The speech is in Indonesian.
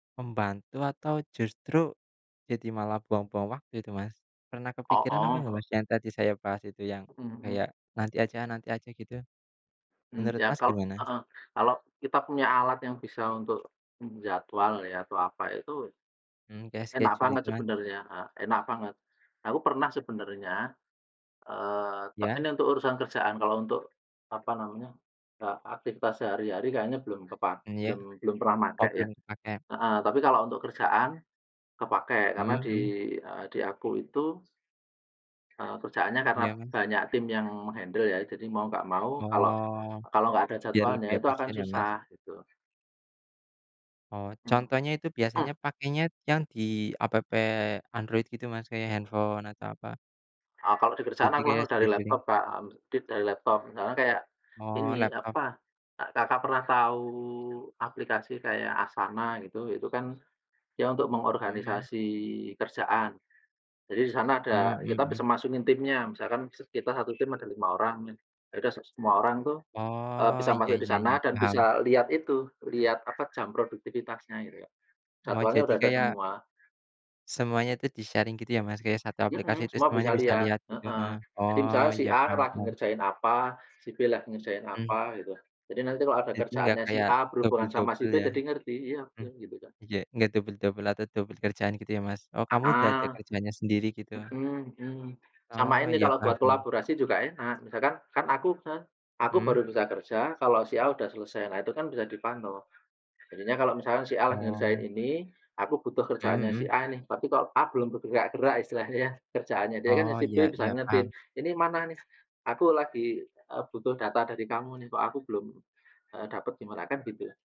Membantu atau justru jadi malah buang-buang waktu itu Mas? Pernah kepikiran apa enggak Heeh. Mas, yang tadi saya bahas itu, yang Mhm mhm. kayak nanti aja nanti aja gitu? M Menurut ya Mas kalau gimana? heeh, kalau kita punya alat yang bisa untuk menjadwal ya atau apa itu Mhm, kayak enak scheduling banget kan? sebenarnya, a enak banget. Aku pernah sebenarnya, eee, tek Ya? ini untuk urusan kerjaan, kalau untuk apa namanya, ta aktivitas sehari-hari kayaknya belum kepak Mmm, ya? belum belum pernah Oh, makai ya. belum kepakai. Heeh, tapi kalau untuk kerjaan kepakai, Mhm karena di, mhm. e di aku itu eee, kerjaannya karena Iya, Mas. banyak tim yang meng-handle ya. Jadi mau nggak mau kalau Oh. kalau nggak ada Biar jadwalnya lebih itu akan efisien ya, Mas. susah gitu. Oh, Mhm, contohnya itu mmm. biasanya pakainya yang di App Android gitu Mas, kayak handphone atau apa? E Kalau di kerjaan Jadi aku kayak langsung dari scheduling. laptop Kak, heeh, dit dari laptop. Misalnya kayak Oh, ini, laptop. apa, Kakak pernah tahu aplikasi kayak Asana gitu, itu kan, ya untuk Mhm mhm. mengorganisasi kerjaan. Jadi di sana Mhm, ada mmm, kita bisa hmm. masukin timnya, misalkan set kita 1 tim ada 5 orang, ya udah se semua orang tuh e Oh, bisa iya masuk di iya iya, sana dan paham. bisa lihat itu, lihat apa, jam produktivitasnya gitu Kak. Oh, Jadwalnya jadi udah ada kayak semua. semuanya itu di-sharing gitu ya Mas, kayak satu aplikasi, Mhm, terus semua semuanya bisa bisa lihat, lihat gitu? heeh. Heeh. Jadi Oh, misalnya si iya, A paham lagi paham. ngerjain apa, si B lagi ngerjain Hmm. apa gitu. Jadi nanti kalau ada Jadi enggak kerjaannya si kayak A berhubungan sama si dobel-dobel B, ya? jadi ngerti iya Mhm kan, gitu kan. iya enggak dobel-dobel atau dobel kerjaan gitu ya Mas? Oh, kamu udah Heeh. ada kerjanya sendiri, gitu. Mhm mhm. Sama Oh, ini iya, kalau paham buat paham. kolaborasi juga enak. Misalkan, kan aku misalkan, aku Mhm. baru bisa kerja kalau si A udah selesai, nah itu kan bisa dipantau. Jadinya kalau misalkan si A lagi ngerjain Oh. ini, aku butuh Mhm kerjaannya si mhm. A nih, tapi kok A belum bergerak-gerak istilahnya, kerjaannya dia, ya kan Oh, si iya B bisa iya, ingetin, paham. "Ini mana nih, aku lagi, e butuh data dari kamu nih, kok aku belum, e dapat gimana?" kan gitu.